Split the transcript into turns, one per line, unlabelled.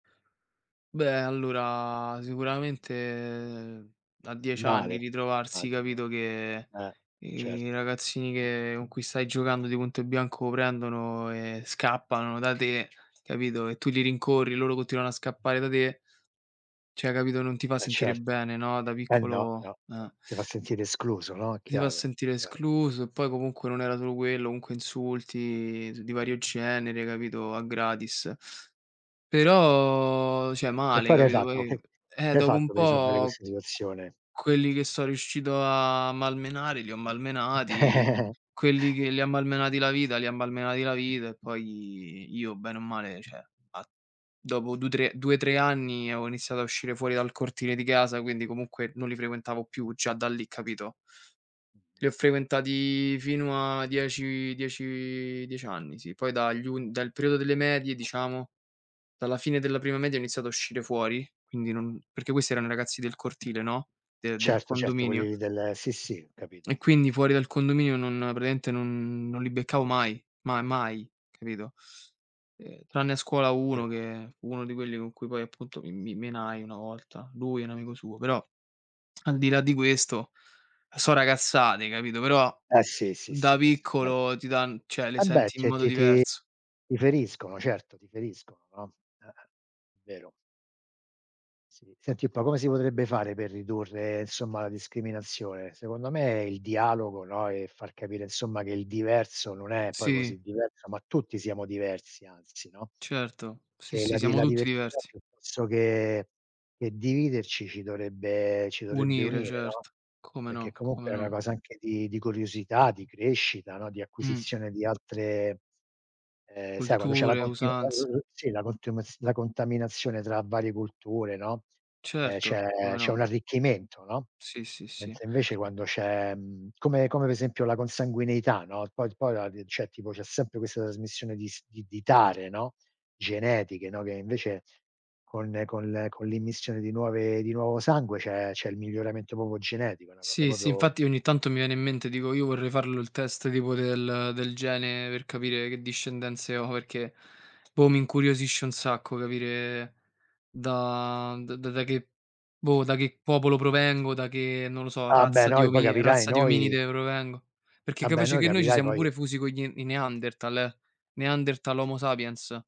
Beh allora, sicuramente a 10
Male.
anni
Eh,
ritrovarsi,
immagino.
capito, che
Eh.
i
Certo.
ragazzini che con cui stai giocando di punto e bianco prendono e scappano da te, capito, e tu li rincorri, loro continuano a scappare da te cioè, capito, non ti fa
Eh,
sentire
certo.
bene, no, da
Eh no,
piccolo
no, no,
eh.
ti fa sentire escluso, no,
Si va a
chiaro,
sentire
chiaro.
escluso, e poi comunque non era solo quello, comunque insulti di z di vario genere, capito, a gratis. Però cioè,
E
male,
poi che hai
capito,
fatto?
poi
Che
eh,
che hai
dopo un
fatto per risolvere
po'
questa situazione?
q quelli che 'so riuscito a malmenare li ho malmenati, quelli che li ha malmenati la vita li ha malmenati la vita, e poi io bene o male, cioè, a dopo du 3 2, 3 anni avevo iniziato a uscire fuori dal cortile di casa, quindi comunque non li frequentavo più già da lì, capito? Li ho frequentati fino a 10- 10- 10 anni, sì. Poi dagli un dal periodo delle medie, diciamo dalla fine della prima media ho iniziato a uscire fuori, quindi non perché questi erano i ragazzi del cortile, no, de del
Certo, certo quelli
condominio.
lì del sì sì, ho capito.
E quindi fuori dal condominio non praticamente non non li beccavo mai mai mai, capito? Ehm, tranne a scuola uno,
[unintelligible]
che fu uno di quelli con cui poi, appunto, mi mi menai una volta lui e un amico suo però, al di là di questo, 'so ragazzate, capito, però
Eh sì, sì,
da
sì questo è vero.
piccolo ti dan cioè, le
Vabbè
senti in
ti è
modo
ti ti
diverso.
ti feriscono, certo ti feriscono, no, ah, vero. Sì, senti un po' come si potrebbe fare per ridurre, insomma, la discriminazione? Secondo me il dialogo, no, e far capire, insomma, che il diverso non è poi
Sì.
così diverso, ma tutti siamo diversi anzi, no
Certo, sì,
che
sì,
la di
siamo
la
tutti
diversità
diversi.
piuttosto che che dividerci ci dovrebbe ci dovrebbe
Unire,
unire, no,
certo. Come
perché
no,
comunque
come
è una
no.
cosa anche di di curiosità, di crescita, no, di
Mh.
acquisizione di altre ehm, sai quando c'è la
Culture,
continu la
usanze.
l l sì, la contiumaz la contaminazione tra varie culture, no ehm,
Certo,
c'è
come
c'è
no.
un arricchimento, no
Sì, sì, sì.
mentre invece quando c'è, mhmm, come come per esempio la consanguineità, no, poi d poi la rie cioè, tipo, c'è sempre questa trasmissione di s di di dare, no genetiche, no, che invece con- con le con l'immissione di nuove di nuovo sangue c'è c'è il miglioramento proprio genetico. È una cosa
Sì, sì,
proprio
infatti ogni tanto mi viene in mente, dico: "Io vorrei farlo il test tipo del del gene per capire che discendenze ho, perché, boh, mi incuriosisce un sacco capire da d da che boh, da che popolo provengo, da che, non lo so,
Ah, beh!
razza di
Noi poi
omie
capirai,
razza di
noi
ominide provengo. Perché
Ah, beh!
capace
Noi
che noi ci
capirai
siamo
poi
pure fusi con gli n i Neanderthal, eh, Neanderthal, Homo sapiens.